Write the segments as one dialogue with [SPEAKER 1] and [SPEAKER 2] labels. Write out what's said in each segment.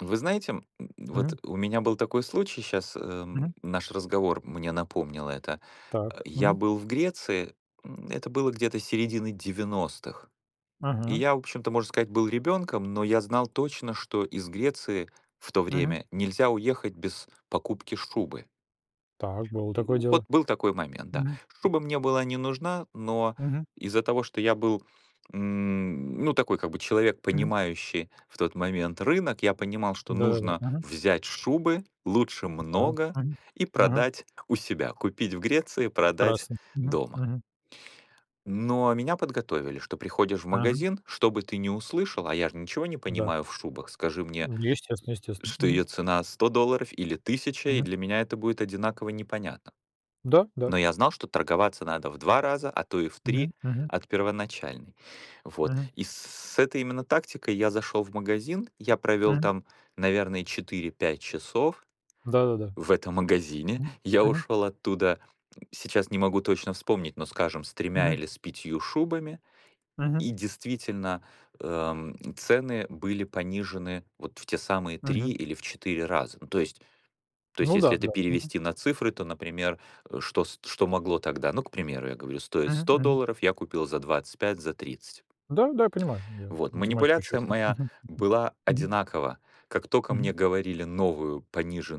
[SPEAKER 1] Вы знаете, м,
[SPEAKER 2] Мгм.
[SPEAKER 1] вот у меня был такой случай щас, эм,
[SPEAKER 2] Мгм.
[SPEAKER 1] наш разговор мне напомнил это. А,
[SPEAKER 2] Так.
[SPEAKER 1] я
[SPEAKER 2] Мгм.
[SPEAKER 1] был в Греции, м, это было где-то середины 90-х, и
[SPEAKER 2] Мгм.
[SPEAKER 1] я, в общем-то, можно сказать, был ребёнком, но я знал точно, что из Греции в то
[SPEAKER 2] Мгм.
[SPEAKER 1] время нельзя уехать без покупки шубы.
[SPEAKER 2] Так, было
[SPEAKER 1] М.
[SPEAKER 2] такое
[SPEAKER 1] Ну вот
[SPEAKER 2] дело.
[SPEAKER 1] был такой момент, да.
[SPEAKER 2] Мгм.
[SPEAKER 1] Шуба мне была не нужна, но
[SPEAKER 2] Мгм.
[SPEAKER 1] из-за того, что я был, м, ну такой как бы человек,
[SPEAKER 2] Мгм.
[SPEAKER 1] понимающий в тот момент рынок. Я понимал, что
[SPEAKER 2] Да-да-да.
[SPEAKER 1] нужно
[SPEAKER 2] Мгм.
[SPEAKER 1] взять шубы лучше
[SPEAKER 2] Да,
[SPEAKER 1] много
[SPEAKER 2] мгм,
[SPEAKER 1] и
[SPEAKER 2] мгм.
[SPEAKER 1] продать у себя. Купить в Греции, продать
[SPEAKER 2] Прекрасно. Мгм
[SPEAKER 1] дома.
[SPEAKER 2] мгм.
[SPEAKER 1] Но меня подготовили, что приходишь в
[SPEAKER 2] Мгм.
[SPEAKER 1] магазин, что бы ты ни услышал, а я ж ничего не
[SPEAKER 2] Да.
[SPEAKER 1] понимаю в шубах, скажи мне,
[SPEAKER 2] Естественно естественно.
[SPEAKER 1] что
[SPEAKER 2] Мгм.
[SPEAKER 1] ее цена 100 долларов или 1000, и
[SPEAKER 2] Мгм.
[SPEAKER 1] для меня это будет одинаково непонятно.
[SPEAKER 2] Да, да.
[SPEAKER 1] Но я знал, что торговаться надо в 2 раза, а то и в
[SPEAKER 2] Мгм
[SPEAKER 1] 3
[SPEAKER 2] мгм.
[SPEAKER 1] от первоначальной. Вот,
[SPEAKER 2] Мгм.
[SPEAKER 1] и с с этой именно тактикой я зашел в магазин. Я провел
[SPEAKER 2] Мгм.
[SPEAKER 1] там, наверное, 4-5 часов
[SPEAKER 2] Да-да-да.
[SPEAKER 1] в этом магазине.
[SPEAKER 2] Мгм
[SPEAKER 1] Я
[SPEAKER 2] мгм.
[SPEAKER 1] ушел оттуда, сейчас не могу точно вспомнить, но, скажем, с 3
[SPEAKER 2] Мгм.
[SPEAKER 1] или с 5 шубами.
[SPEAKER 2] Мгм.
[SPEAKER 1] И действительно, эм, цены были понижены вот в те самые 3
[SPEAKER 2] Мгм.
[SPEAKER 1] или в 4 раза. Ну то есть то есть,
[SPEAKER 2] Ну да,
[SPEAKER 1] если это
[SPEAKER 2] да. Мгм.
[SPEAKER 1] перевести на цифры, то, например, э, что ст что могло тогда? Ну, к примеру, я говорю, стоит
[SPEAKER 2] Мгм
[SPEAKER 1] 100
[SPEAKER 2] мгм.
[SPEAKER 1] долларов, я купил за 25, за 30.
[SPEAKER 2] Да, да. Я понимаю, я
[SPEAKER 1] Вот,
[SPEAKER 2] математику учил.
[SPEAKER 1] манипуляция моя была
[SPEAKER 2] Мгм.
[SPEAKER 1] одинакова. Как тока мне
[SPEAKER 2] Мгм.
[SPEAKER 1] говорили новую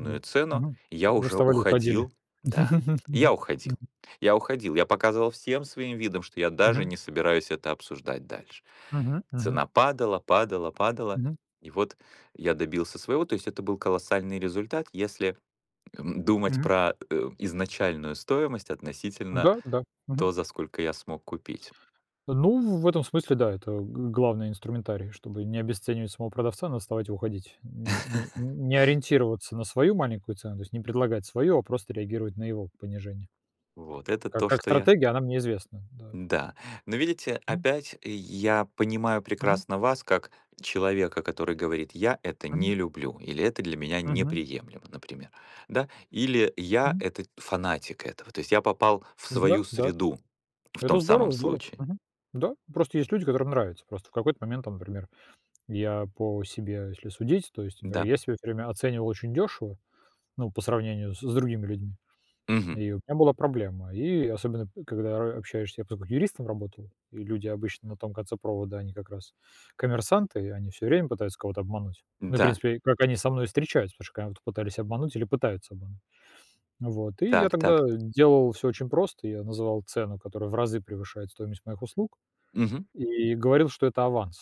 [SPEAKER 2] Ну да.
[SPEAKER 1] цену,
[SPEAKER 2] Мгм.
[SPEAKER 1] я
[SPEAKER 2] Вы
[SPEAKER 1] уже
[SPEAKER 2] вставали, и уходили.
[SPEAKER 1] уходил. Да. Я уходил.
[SPEAKER 2] Мгм.
[SPEAKER 1] Я уходил, я показывал всем своим видом, что я даже
[SPEAKER 2] Мгм.
[SPEAKER 1] не собираюсь это обсуждать дальше.
[SPEAKER 2] Мгм мгм.
[SPEAKER 1] Цена падала, падала, падала,
[SPEAKER 2] Мгм.
[SPEAKER 1] и вот я добился своего, то есть это был колоссальный результат, если, эм, думать
[SPEAKER 2] Мгм.
[SPEAKER 1] про, э, изначальную стоимость относительно
[SPEAKER 2] Да, да, мгм.
[SPEAKER 1] то, за сколько я смог купить.
[SPEAKER 2] Ну, в этом смысле, да, это гл главный инструментарий, чтобы не обесценивать самого продавца, надо вставать и уходить, н н не ориентироваться на свою маленькую цену, то есть не предлагать свою, а просто реагировать на его понижение.
[SPEAKER 1] Вот это
[SPEAKER 2] Ка
[SPEAKER 1] то,
[SPEAKER 2] как
[SPEAKER 1] что я
[SPEAKER 2] стратегия она мне известна. Да.
[SPEAKER 1] Да, но видите,
[SPEAKER 2] Мгм.
[SPEAKER 1] опять я понимаю
[SPEAKER 2] Мгм.
[SPEAKER 1] прекрасно вас как человека, который говорит: "Я это не
[SPEAKER 2] Мгм.
[SPEAKER 1] люблю", или "Это для меня
[SPEAKER 2] Мгм.
[SPEAKER 1] неприемлемо", например. Да. Или: "Я-
[SPEAKER 2] Мгм.
[SPEAKER 1] это фанатик этого, то есть я попал в
[SPEAKER 2] Да
[SPEAKER 1] свою
[SPEAKER 2] да,
[SPEAKER 1] среду", в
[SPEAKER 2] это
[SPEAKER 1] том самом
[SPEAKER 2] здорово здорово.
[SPEAKER 1] случае.
[SPEAKER 2] Мгм. Да. Просто есть люди, которым нравится. Просто в какой-то момент, там например, я по себе, если судить, то есть, например,
[SPEAKER 1] Да.
[SPEAKER 2] я себя всё время оценивал очень дёшево, ну, по сравнению с с другими людьми,
[SPEAKER 1] Мгм.
[SPEAKER 2] и у меня была проблема, и особенно, э, когда ра общаешься, я просто как юристом работал, и люди обычно на том конце провода, они как раз коммерсанты, они всё время пытаются кого-то обмануть, ну, и в
[SPEAKER 1] Да.
[SPEAKER 2] принципе, как они со мной и встречаются, потому что когда пытались обмануть или пытаются обмануть. Вот. И я
[SPEAKER 1] Так
[SPEAKER 2] тогда
[SPEAKER 1] так.
[SPEAKER 2] делал всё очень просто, я называл цену, которая в разы превышает стоимость моих услуг,
[SPEAKER 1] Мгм.
[SPEAKER 2] и говорил, что это аванс.